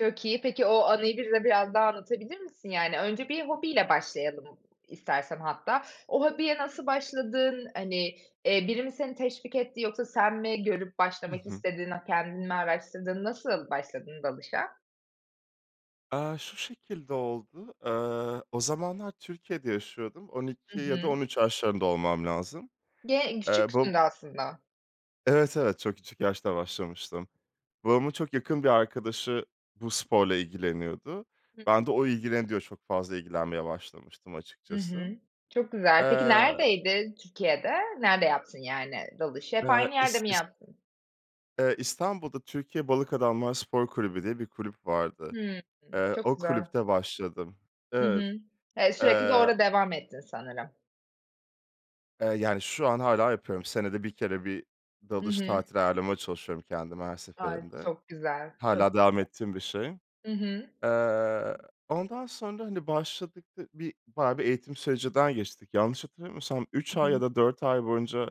Çok iyi. Peki, o anıyı bize biraz daha anlatabilir misin, yani? Önce bir hobiyle başlayalım istersen hatta. O hobiye nasıl başladın? Hani, eee, biri mi seni teşvik etti yoksa sen mi görüp Hı başlamak hı. istedin? Aaa, kendin mi araştırdın? Nasıl başladın dalışa? Eee, şu şekilde oldu: Eee, o zamanlar Türkiye'de yaşıyordum, on Hı iki ya da hı. 13 yaşlarında olmam lazım. Ge Eee, bab küçüksün de aslında. Evet, evet, çok küçük yaşta başlamıştım. Babamın çok yakın bir arkadaşı bu sporla ilgileniyordu. Hı Ben de o ilgileniyor çok fazla ilgilenmeye başlamıştım Hı açıkçası. hı. Çok güzel. Peki, Eee neredeydi Türkiye'de? Nerede yaptın, yani, dalışı? Hep Eee, aynı yerde is mi is yaptın? Eee, İstanbul'da Türkiye Balık Adamlar Spor Kulübü diye bir kulüp vardı. Hımm. Eee, Çok o güzel. kulüpte başladım. Hı Evet. hı. Eee, sürekli de Eee orada devam ettin sanırım. Eee, yani, şu an hâlâ yapıyorum. Senede 1 kere bir Hı dalış hı. tatili ayarlamaya çalışıyorum kendime her Ay, seferinde. çok güzel, çok güzel. Hâlâ devam ettiğim bir şey. Hı hı. Eee, ondan sonra, hani, başladık, dı bir bayağı bir eğitim sürecinden geçtik. Yanlış hatırlamıyorsam Hı 3 ay ya hı. da 4 ay boyunca,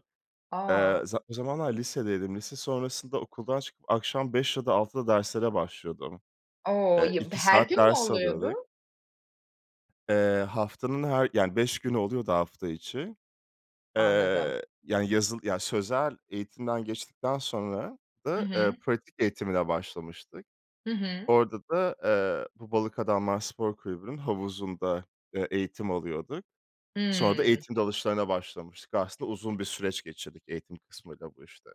eee, A! za o zamanlar lisedeydim, lise sonrasında okuldan çıkıp akşam 5 ya da 6'da derslere başlıyordum. O, Eee, ya b 2 her saat gün mü ders alıyorduk. oluyordu? Eee, haftanın her yani, 5 günü oluyordu hafta içi. Anladım. Eee, yani, yazılı yani, sözel eğitimden geçtikten sonra Hı da, eee, hı. pratik eğitimine başlamıştık. Hı hı. Orada da, eee, bu Balık Adamlar Spor Kulübü'nün havuzunda, eee, eğitim alıyorduk. Sonra da Hıı. eğitim dalışlarına başlamıştık. Aslında uzun bir süreç geçirdik eğitim kısmıyla bu işte.